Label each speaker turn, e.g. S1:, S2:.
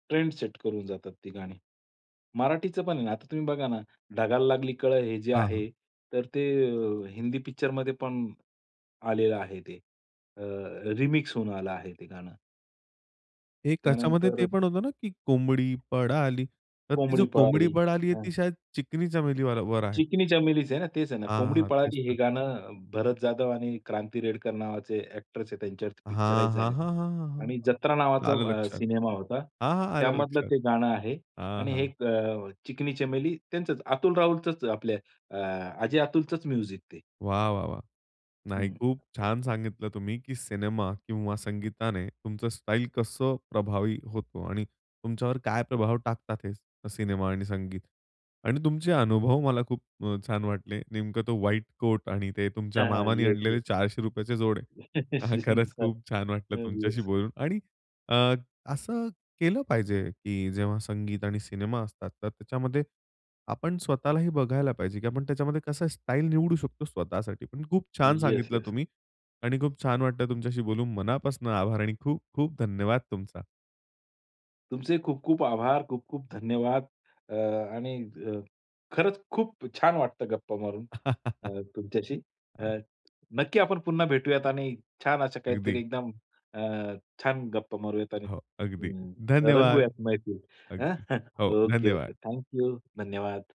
S1: Trend set करून जातात ती गाणी. मराठीचं पण आहे ना, आता तुम्ही बघा ना, ढगाला लागली कळं हे जे
S2: हां.
S1: आहे तर, ते अ, हिंदी पिक्चरमध्ये पण आलेलं आहे. ते अ, रिमिक्स होऊन आलं आहे ते गाणं.
S2: एक त्याच्यामध्ये ते
S1: त्यानंतर
S2: पण होतं ना, की कोंबडी पळाली, तर ती जी
S1: कोंबडी
S2: कोंबडी
S1: पळाली.
S2: पळाली आहे.
S1: हं.
S2: ती शायद चिकणी चमेलीवर आहे.
S1: चिकनी चमेलीच आहे ना, तेच आहे ना.
S2: हां,
S1: कोंबडी
S2: हां. तेच
S1: पळाली हे
S2: तर.
S1: गाणं भरत जाधव आणि क्रांती रेडकर नावाचे अ‍ॅक्ट्रेस आहेत त्यांच्यावरती
S2: हां,
S1: पिक्चराईज
S2: हां.
S1: झालंय.
S2: हां, हां. हां,
S1: आणि जत्रा
S2: हां.
S1: नावाचा
S2: आलं
S1: अ,
S2: लक्षात.
S1: सिनेमा होता.
S2: हां, हां. आलं
S1: त्यामधलं
S2: लक्षात.
S1: ते गाणं आहे
S2: हां,
S1: आणि हे
S2: हां.
S1: एक अ, चिकनी चमेली, त्यांचंच अतुल राहुलचंच, आपल्या आ, अजय अतुलचंच म्युझिक ते.
S2: वाह, वाह, वाह! नाही,
S1: हं.
S2: खूप छान सांगितलं तुम्ही, की सिनेमा किंवा संगीताने तुमचं स्टाईल कसं प्रभावी होतो आणि तुमच्यावर काय प्रभाव टाकतात हे सिनेमा आणि संगीत. आणि तुमचे अनुभव मला खूप अ, छान वाटले. नेमकं तो व्हाईट कोट आणि ते तुमच्या
S1: हां, हां.
S2: मामांनी
S1: येस,
S2: आणलेले
S1: येस.
S2: ₹400 चे जोडे हां, खरंच खूप छान वाटलं
S1: [unintelligible]
S2: तुमच्याशी
S1: येस.
S2: बोलून. आणि अ, असं केलं पाहिजे की जेव्हा संगीत आणि सिनेमा असतात, तर त्याच्यामध्ये आपण स्वतःलाही बघायला पाहिजे, की आपण त्याच्यामध्ये कसं स्टाईल निवडू शकतो स्वतःसाठी पण. खूप छान
S1: येस,
S2: सांगितलं
S1: येस.
S2: तुम्ही आणि खूप छान वाटतं तुमच्याशी बोलून. मनापासून आभार आणि खूप, खूप धन्यवाद तुमचा.
S1: तुमचे खूप-खूप आभार, खूप-खूप धन्यवाद. अ, आणि अ, खरंच खूप छान वाटतं गप्पा मारून अ, तुमच्याशी.
S2: हां.
S1: अ, नक्की आपण पुन्हा भेटूयात आणि छान असं काहीतरी
S2: अगदी.
S1: एकदम अ, छान गप्पा मारूयात आणि
S2: हो. अगदी
S1: हं,
S2: धन्यवाद.
S1: रंगूयात मैफल हं.
S2: अगदी हो,
S1: ओके, ओके.
S2: धन्यवाद.
S1: Thank you. धन्यवाद.